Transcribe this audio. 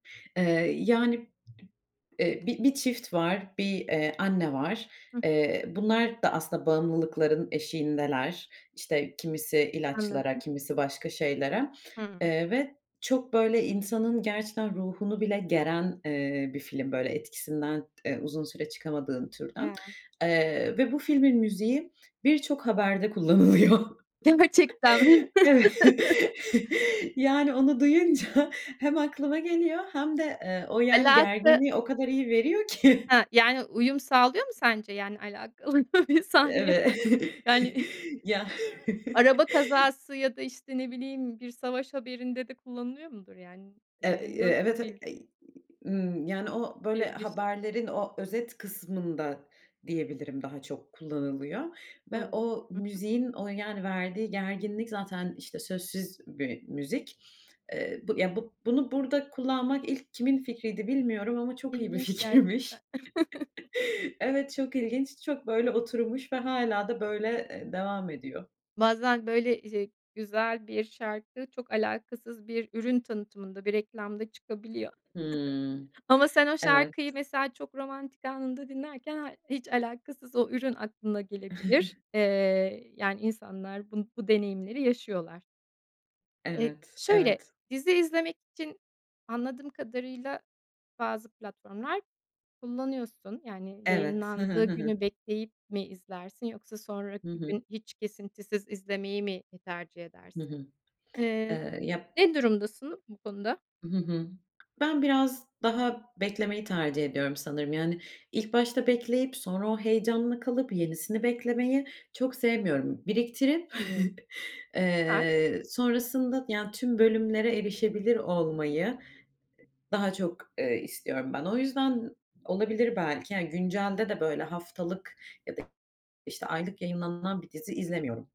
Eee, yani, eee, 1 1 çift var, 1 eee, anne var. Hı. Eee, bunlar da aslında bağımlılıkların eşiğindeler, işte kimisi ilaçlara Anladım. kimisi başka şeylere, Hıı. eee, ve çok böyle insanın gerçekten ruhunu bile geren, eee, bir film böyle etkisinden, eee, uzun süre çıkamadığın türden, [unintelligible] eee, ve bu filmin müziği birçok haberde kullanılıyor. Gerçekten mi?. Evet, yani onu duyunca hem aklıma geliyor hem de, eee, o yani Alaka gerginliği o kadar iyi veriyor ki. He yani uyum sağlıyor mu sence yani alakalı bir sahneye Evet falan? Yani. ya. Araba kazası ya da işte ne bileyim bir savaş haberinde de kullanılıyor mudur yani? Eee, ııı, Eee evet, nasıl bir eee, ııı, ımm, yani o böyle Bir giriş. haberlerin o özet kısmında diyebilirim daha çok kullanılıyor ve Olabilir. o Hı hı. müziğin o yani verdiği gerginlik zaten işte sözsüz bir müzik. Eee, bu, ya, bunu burada kullanmak ilk kimin fikriydi bilmiyorum ama çok iyi bir İlginç gerçekten.. fikirmiş. Evet, çok ilginç. Çok böyle oturmuş ve hâlâ da böyle eee devam ediyor. Bazen böyle şey güzel bir şarkı çok alakasız bir ürün tanıtımında bir reklamda çıkabiliyor Hımm, ama sen o şarkıyı evet. mesela çok romantik anında dinlerken ha hiç alakasız o ürün aklına gelebilir. Eee, yani insanlar bu bu deneyimleri yaşıyorlar. Eee, Evet. şöyle, Evet. dizi izlemek için anladığım kadarıyla bazı platformlar kullanıyorsun. Yani Evet. Hı hı. yayınlandığı Hı hı. günü bekleyip mi izlersin yoksa Hı sonraki hı. gün hiç kesintisiz izlemeyi mi tercih Hı edersin? hı. Eee, Eee ya. ne durumdasın bu konuda? Hı hı. Ben biraz daha beklemeyi tercih ediyorum sanırım yani ilk başta bekleyip sonra o heyecanla kalıp yenisini beklemeyi çok sevmiyorum. Biriktirip, Anlıyorum. Süper. eee, sonrasında yani tüm bölümlere erişebilir olmayı daha çok, eee, istiyorum ben. O yüzden olabilir belki yani güncelde de böyle haftalık ya da işte aylık yayınlanan bir dizi izlemiyorum.